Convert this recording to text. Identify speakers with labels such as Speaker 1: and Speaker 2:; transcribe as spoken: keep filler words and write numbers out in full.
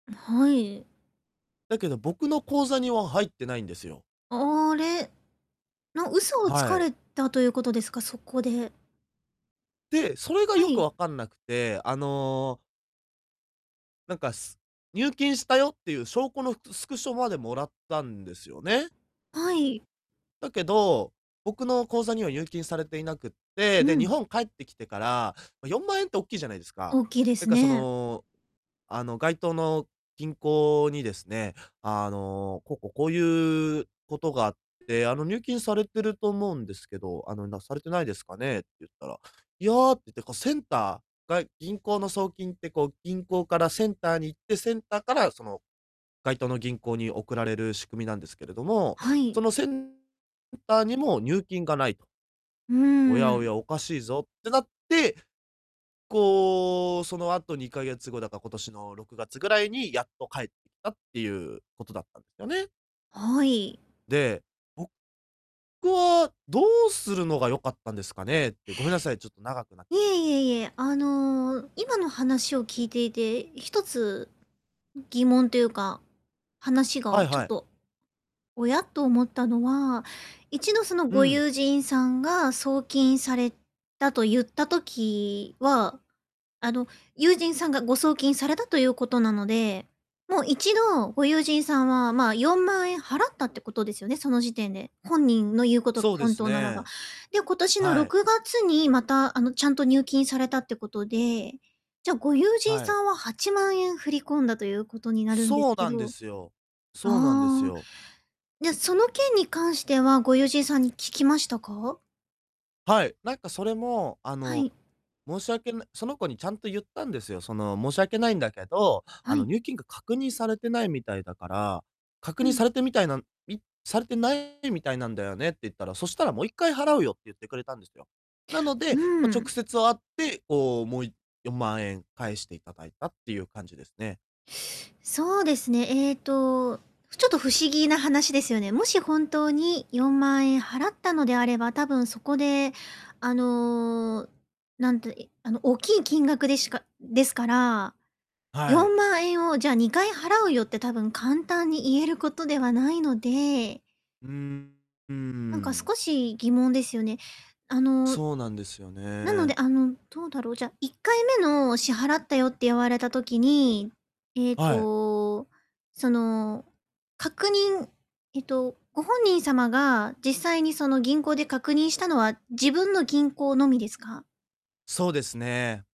Speaker 1: あ、はい。
Speaker 2: だけど、僕
Speaker 1: い
Speaker 2: の
Speaker 1: え。
Speaker 2: 口座には入ってないんですよ。
Speaker 1: あ、あれ、の嘘をつ
Speaker 2: は
Speaker 1: か
Speaker 2: い。
Speaker 1: れたということですか、そこで。
Speaker 2: で、それが
Speaker 1: は
Speaker 2: よく
Speaker 1: い。
Speaker 2: わかんなくて、あのなんか、す入金したよっていう証拠のう、スクショまでもらったんですよね。
Speaker 1: はい。
Speaker 2: だけど、僕の口座には入金されていなくって、
Speaker 1: う
Speaker 2: で、日
Speaker 1: ん。
Speaker 2: 本帰ってきてから、ま、よんまんえんっておっきいじゃないですか。
Speaker 1: 大きいで
Speaker 2: だ
Speaker 1: す
Speaker 2: からそ
Speaker 1: ね。
Speaker 2: の、あの、該当の銀行にですね「あの、こうこう、こういうことがあって、あの、入金されてると思うんですけど、あの、なされてないですかね」って言ったら、「いや」って言って、こうセンターが銀行の送金ってこう、銀行からセンターに行って、センターからその、該当の銀行に送られる仕組みなんですけれども、
Speaker 1: はい。
Speaker 2: そのセンターにも入金が無いと。
Speaker 1: う
Speaker 2: おや
Speaker 1: ー
Speaker 2: お
Speaker 1: ん。
Speaker 2: や、おかしいぞってなって、こう、その後にかげつごだから、今年のろくがつぐらいに、やっと返ってきたっていうことだったんですよね。
Speaker 1: はい。
Speaker 2: で、僕はどうするのが良かったんですかねって、ごめんなさい、ちょっと長くなっち
Speaker 1: い
Speaker 2: ゃった
Speaker 1: え
Speaker 2: んで
Speaker 1: い
Speaker 2: すけど。
Speaker 1: えいえ、あの今の話を聞いていて、ひとつ疑問というか、話が
Speaker 2: はい
Speaker 1: ちょ
Speaker 2: は
Speaker 1: っ
Speaker 2: い。
Speaker 1: と、「おや？」っと思ったのは、一度その
Speaker 2: う
Speaker 1: ご
Speaker 2: ん。
Speaker 1: 友人さんが送金されたと言った時は、あの友人さんがご送金されたということなので、もう一度、ご友人さんは、ま、よんまんえん払ったってことですよね、その時点で。本人の言うことが
Speaker 2: そうで
Speaker 1: 本
Speaker 2: す
Speaker 1: 当ならば。
Speaker 2: ね。
Speaker 1: で、今年の
Speaker 2: は
Speaker 1: ろ
Speaker 2: い。
Speaker 1: くがつにまたあの、ちゃんと入金されたってことで、じゃ、ご友人
Speaker 2: は
Speaker 1: さ
Speaker 2: い。
Speaker 1: んははちまんえん振り込んだということになるんで
Speaker 2: そ
Speaker 1: す
Speaker 2: う
Speaker 1: け
Speaker 2: なんで
Speaker 1: ど。
Speaker 2: すよ。そうなんです
Speaker 1: ああ。
Speaker 2: よ。
Speaker 1: じゃ、
Speaker 2: う。
Speaker 1: その件に関しては、ご友人さんに聞きましたか？
Speaker 2: はい。なんかそれも、あ
Speaker 1: は
Speaker 2: の、
Speaker 1: い。
Speaker 2: 申し訳なその子にちゃんと言ったんですよ。その「申し訳ないんだけど、あ
Speaker 1: は
Speaker 2: の
Speaker 1: い。
Speaker 2: 入金が確認されてないみたいだから、確
Speaker 1: う
Speaker 2: 認さ
Speaker 1: ん。
Speaker 2: れてみたいな、みされてないみたいなんだよね」って言ったら、「そしたらもういっかい払うよ」って言ってくれたんですよ。なの
Speaker 1: う
Speaker 2: で、ま、
Speaker 1: んう
Speaker 2: 直
Speaker 1: ん。
Speaker 2: 接会って、こう、もういっよんまんえん返していただいたっていう感じですね。
Speaker 1: そうですね。ええと、ふちょっと不思議な話ですよね。もし本当によんまんえん払ったのであれば、多分そこであの、なんてあの大きい金額でしかですから。
Speaker 2: は
Speaker 1: よ
Speaker 2: い。
Speaker 1: んまんえんを「じゃあにかい払うよ」って多分簡単に言えることではないので。
Speaker 2: うん、うー
Speaker 1: なんか
Speaker 2: ん。
Speaker 1: 少し疑問ですよね。あの
Speaker 2: そうなんですよ
Speaker 1: なので、
Speaker 2: ね。
Speaker 1: あのどうだろう。じゃあいっかいめの「支払ったよ」って言われた時に、ええ
Speaker 2: はい。
Speaker 1: と、その確認えっとご本人様が、実際にその銀行で確認したのは、自分の銀行のみですか？
Speaker 2: そうですね。